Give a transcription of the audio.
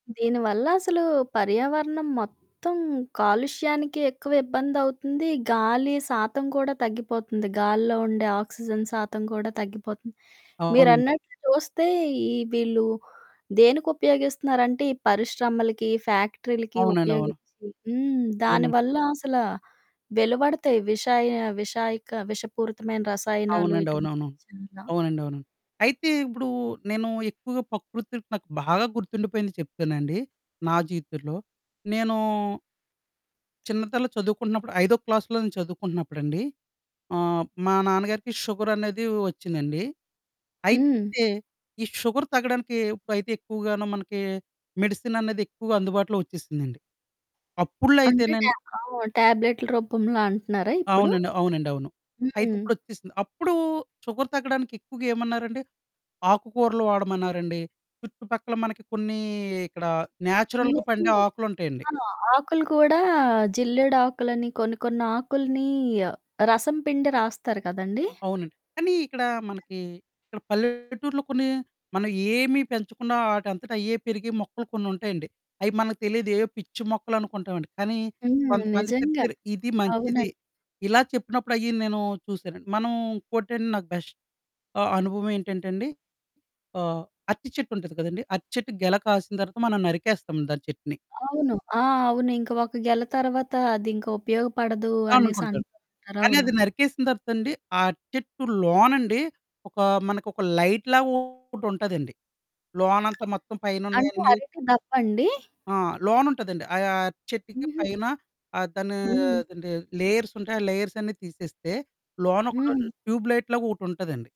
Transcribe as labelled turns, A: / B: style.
A: దీని వల్లసలూ, పర్యావరణం మొత్తం కాలుష్యానికే ఎక్కువ ఇబ్బందవుతుంది, గాలి శాతం కూడా తగ్గిపోతంది, గాల్లో ఉండే ఆక్సిజన్ శాతం కూడా తగ్గిపోతంది.
B: అవునండి.
A: మీరన్నట్లు చూస్తే, ఈ వీళ్ళు దేనికుపయోగిస్తన్నారంటే, ఈ పరిశ్రమలకి, ఫ్యాక్టరీలకి
B: అవునండవును.
A: ఉపయోగిచ్చి హ్మ్. దాని
B: ఊర్నే
A: వల్లా అసలా వెలువడతాయి విషాయ విషాయక విషపూరితమైన రసాయనాలు
B: అవునండి.
A: ఇటువంటివి
B: అవునవును.
A: చాలా.
B: అవునండవును. అయితే, ఇప్పుడూ నేనూ ఎక్కువుగా పకృతిలొ నాకు బాగా గుర్తుండిపోయింది చెప్తానండి, నా జీవితంలో. నేనూ... చిన్నతనంలో చదువుకుంటన్నప్పుడు, ఐదో క్లాస్‌లో నేను చదువుకుంటన్నప్పుడండీ, ఆహ్, మా నాన్నగారికి షుగరనేదీ ఒచ్చిందండి.
A: హ్మ్.
B: అయితే, ఈ షుగర్ తగ్గడానికీ, ఉప్పయితే ఎక్కువగానో మనకీ, మెడిసిననేది ఎక్కువుగా అందుబాటులో ఒచ్చేసిందండి. అప్పుడులో
A: అంటే, టా
B: అయితేనండి
A: ఆ! టాబ్లెట్‌ల రూపంలో అంటన్నారా ఇప్పుడు?
B: అవునండి. అవునండవును. అయితే,
A: హ్మ్.
B: ఇప్పుడొచ్చేసింది. అప్పుడూ షుగర్ తగ్గడానికెక్కువగా ఏమన్నారండి! ఆకుకూరలు వాడమన్నారండి, చుట్టుపక్కల మనకి కొన్నీ ఇక్కడా
A: చిన్న
B: న్యాచురల్‌గా పండే
A: చిన్నయి.
B: ఆకులుంటయండి.
A: ఆ! ఆకులు కూడా, జిల్లేడాకులని, కొన్ని కొన్నాకులినీ ఆహ్, రసం పిండి రాస్తారు కదండీ.
B: అవునండి. కానీ, ఇక్కడా మనకీ ఇక్కడ పల్లెటూర్లో కొన్ని, మనం ఏమి పెంచకుండా, ఆటంతటయ్యే పెరిగే మొక్కలు కొన్నుంటాయండి. అయి మనలి తెలీదు, ఏయో పిచ్చి మొక్కలనుకుంటామండి, కానీ
A: హ్మ్.
B: కొంతమంది
A: నిజంగా.
B: చెప్తారు, ఇది మంచిది,
A: అవునండి.
B: ఇలా చెప్పినప్పుడయ్యి నేనూ చూసానండి. మనం ఇంకోటండి, నాకు బెష్ ఆహ్, అనుభవమేంటంటే అండి, ఆహ్, అరటి చెట్టుంటంది కదండి, అరటి చెట్టుకు గెల కాసిన తర్వాత, మనం నరికేస్తాం దాని చెట్టుని.
A: అవును. ఆ! అవును. ఇంక ఒక గెల తరవాతా, అదింక ఉపయోగపడదూ
B: అనుకుంటారు,
A: అనేసంటంటారు.
B: కానీ
A: అవును.
B: అది నరికేసిన తర్వాతండీ, ఆ చెట్టు లోనండి, ఒకా మనకొక లైట్‌లాగొకటుంటదండి. లోనంతా మొత్తం
A: అంటే
B: పైనున్నయన్నీ
A: అరటి దప్పండీ?
B: ఆ! లోనుంటదండి. అయా చెట్టుకి
A: హుహు.
B: పైన ఆహ్, దానీ
A: హ్మ్.
B: అదేంటి, లేయర్సుంటాయి, ఆ లేయర్సన్నీ తీసేస్తే, లోనొకటది
A: హ్మ్.
B: ట్యూబ్ లైట్‌లాగొకటుంటదండి.